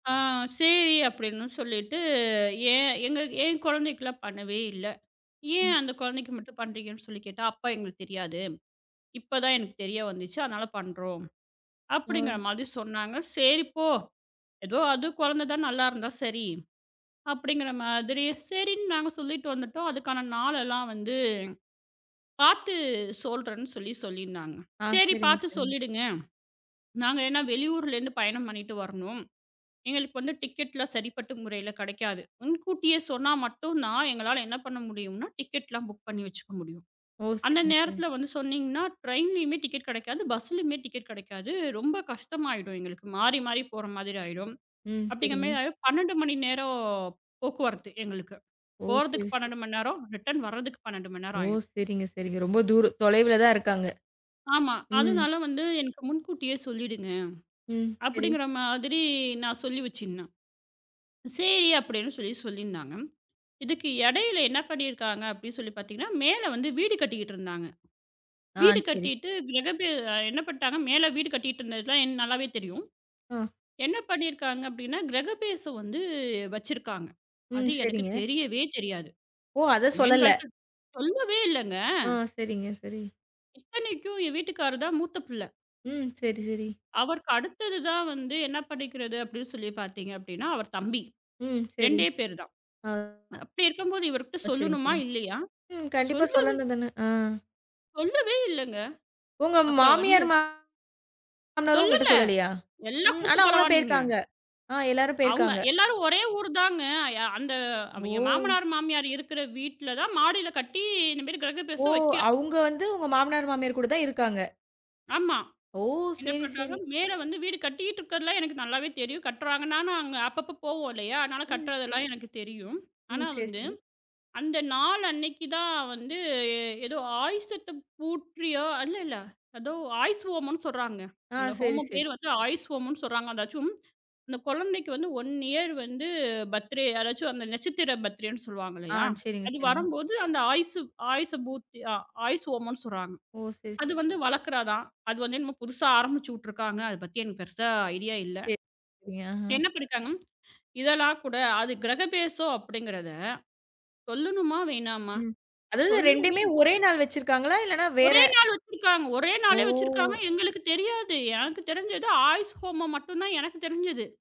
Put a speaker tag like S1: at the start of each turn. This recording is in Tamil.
S1: ஆ சேரி அப்டின்னு சொல்லிட்டு, ஏன் எங்க என் கொழந்தைக்குல்லாம் பண்ணவே இல்ல. ஏன் அந்தக் கொழந்தைக்கு மட்டும் பண்றீங்கன்னு சொல்லிக் கேட்டா, "அப்ப எங்களுக்குத் தெரியாது. இப்பதான் எனக்குத் தெரிய வந்துச்சு. அதனால பண்றோம்." அப்டிங்கற
S2: அ.
S1: மாதிரி சொன்னாங்க. "சேரி போ. எதோ அது கொழந்தை தான் நல்லா இருந்தா சரி" அப்படிங்கற மாதிரி சரின்னு நாங்க சொல்லிட்டு வந்துட்டோம். அதுக்கான நாள் எல்லாம் வந்து பாத்து சொல்றேன்னு சொல்லிச் சொல்லிருந்தாங்க.
S2: ஆ,
S1: "சரி
S2: சரிங்க
S1: பாத்து
S2: சரிங்க.
S1: சொல்லிடுங்க. நாங்க என்ன வெளியூர்ல இருந்து பயணம் பண்ணிட்டு வரணும்." எங்களுக்குப் டிக்கெட் எல்லாம் சரிப்பட்ட முறையில கெடைக்காது. முன்கூட்டியே சொன்னா மட்டும் தான், எங்களால என்ன பண்ண முடியும்னா? டிக்கெட் எல்லாம் புக் பண்ணி வச்சுக்க முடியும்.
S2: ஓ!
S1: அந்த
S2: சரிங்க சரிங்க.
S1: நேரத்துல வந்து சொன்னீங்கன்னா, டிரைன்லயுமே டிக்கெட் கெடைக்காது. பஸ்லயுமே டிக்கெட் கெடைக்காது. ரொம்ப கஷ்டமாயிடும் எங்களுக்கு. மாறி மாறிப் போற மாதிரி ஆயிடும்.
S2: ம்,
S1: அப்டிங்கிற
S2: சரிங்க.
S1: மாதிரி ஆயிடும், 12 மணி நேரம் போக்குவரத்து எங்களுக்கு.
S2: ஓ! சரி
S1: போறதுக்கு
S2: சரி.
S1: 12 மணி நேரம், ரிட்டர்ன் வர்றதுக்கு 12 மணி
S2: ஓ!
S1: நேரம் ஆயிடும்.
S2: சரிங்க சரிங்க. ரொம்ப தூரு தொலைவுல தான் இருக்காங்க.
S1: ஆமா.
S2: ம்.
S1: அதனால வந்து எனக்கு முன்கூட்டியே சொல்லிடுங்க.
S2: ம், சரி.
S1: அப்படிங்கற மாதிரி நான் சொல்லி வச்சிருந்தேன். சேரி அப்டின்னு சொல்லிச் சொல்லிருந்தாங்க. இதுக்கு எடையில என்ன பண்ணிருக்காங்க அப்டின்னு சொல்லிப் பாத்தீங்கன்னா, மேல வந்து வீடு கட்டிகிட்டு இருந்தாங்க.
S2: ஆ,
S1: வீடு
S2: சரி.
S1: கட்டிட்டு கிரகப்ரெ என்ன பண்ணிட்டாங்க. மேல வீடு கட்டிட்டு இருந்தது எல்லாம் நல்லாவே தெரியும்.
S2: ஆ.
S1: என்ன பண்ணிருக்காங்க அப்டின்னா, கிரகபிரவேசம் வந்து வச்சிருக்காங்க. அது
S2: ம், சரிங்க.
S1: எனக்குத் தெரியவே தெரியாது.
S2: ஓ! அதச் சொல்லலை.
S1: எங்கள்ட்ட சொல்லவே இல்லங்க.
S2: ஆ சரிங்க, சரி.
S1: இத்தனைக்கும் என் வீட்டுக்காரர் தான் மூத்த புள்ள.
S2: ம் சரி, சரி.
S1: அவருக்கு அடுத்தது தான் வந்து என்ன பண்ணிக்கிறது அப்படின்னு சொல்லிப் பாத்தீங்க அப்படின்னா, அவர் தம்பி.
S2: ம் சரி.
S1: 2டே பேரு தான்.
S2: ஆ.
S1: அப்டி இருக்கும்போது இவர்ட்ட
S2: அ சரிங்க,
S1: சொல்லனுமா
S2: சரிங்க.
S1: இல்லையா?
S2: ம். கண்டிப்பா
S1: சொல்லவே
S2: சொல்லணும் தானே. ஆ.
S1: சொல்லவே இல்லங்க.
S2: உங்க
S1: அப்ப வந்து
S2: மாமியார், மா மாமனாரு உங்கட்ட
S1: சொல்லல.
S2: சொல்லலையா?
S1: எல்லாம்
S2: ம், ஆனா
S1: கூட்டுக்
S2: அவங்களாம்
S1: கலவாணிங்க.
S2: பேயிருக்காங்க. ஆ, எல்லாரும்
S1: அவுங்க
S2: பேயிருக்காங்க.
S1: எல்லாரும் ஒரே ஊருதாங்க. அந்த என்
S2: ஓ!
S1: மாமனார், மாமியார் இருக்குற வீட்டுல தான் மாடியில கட்டி, இந்த மாதிரி
S2: ஓ!
S1: கிரகபிரேசம் வக்கிறாங்க.
S2: அவுங்க வந்து உங்க மாமனாரு, மாமியார் கூடதான் இருக்காங்க.
S1: ஆமா.
S2: ஓ!
S1: என்ன
S2: சேரி,
S1: பண்றாங்க.
S2: சேரி.
S1: மேல வந்து வீடு கட்டிகிட்டு இருக்கறதுல்லாம் எனக்கு நல்லாவே தெரியும். கட்டுறாங்க. நானும் அங்க அப்பப்போ போவோம் இல்லையா? அதனால
S2: ம்.
S1: கட்டுறதுல்லாம் எனக்குத் தெரியும்.
S2: ம்,
S1: ஆனா
S2: சேரி,
S1: வந்து
S2: சேரி.
S1: அந்த நாள் அன்னைக்கி தான் வந்து, ஏதோ ஆயுஷ் பூட்ட்ரியோ, இல்ல இல்ல. ஏதோ ஆயுஷ் ஹோமம்ன்னு சொல்றாங்க.
S2: ஆ,
S1: அந்த
S2: சேரி,
S1: ஹோமம்
S2: சேரி.
S1: பேரு ஆயுஷ் ஹோமம்ன்னு சொல்றாங்க.அதாச்சும், அந்தச் கொழந்தைக்கு வந்து 1 இயர் வந்து பர்த்டே. அதாச்சும் அந்த நட்சத்திர பர்த்டேன்னு சொல்லுவாங்க
S2: ஆ,
S1: இல்லையா?
S2: சரிங்க,
S1: அது
S2: சரிங்க.
S1: வரம்போது, அந்த ஆயுஷ் ஆயுஷ் பூட்தி ஆயுஷ்ஹோமம்ன்னு சொல்றாங்க.
S2: ஓ! சரி
S1: அது
S2: சரி.
S1: வந்து வளக்குறதான். அது வந்து என்னமோ புதுசா ஆரம்பிச்சு விட்டுருக்காங்க. அது பத்தி எனக்குப் பெருசா ஐடியா இல்ல.
S2: சரி. சரிங்க. ஆ.
S1: என்ன பண்ணிட்டாங்க, இதெல்லாம் கூட அது கிரகபிரேசம் அப்படிங்கறத சொல்லணுமா? வேணாமா?
S2: ம். அதாவது
S1: சொல்லவே
S2: 2 மே
S1: இல்ல.
S2: ஒரே நாள் வச்சிருக்காங்களா, இல்லனா வேற
S1: ஒரே நாள் வச்சிருக்காங்க. ஒரே நாளே வச்சிருக்காங்க,
S2: ஓ!
S1: எங்களுக்குத் தெரியாது. எனக்குத் தெரிஞ்சது ஆயுஷ் ஹோமம் மட்டும் தான் எனக்குத் தெரிஞ்சது.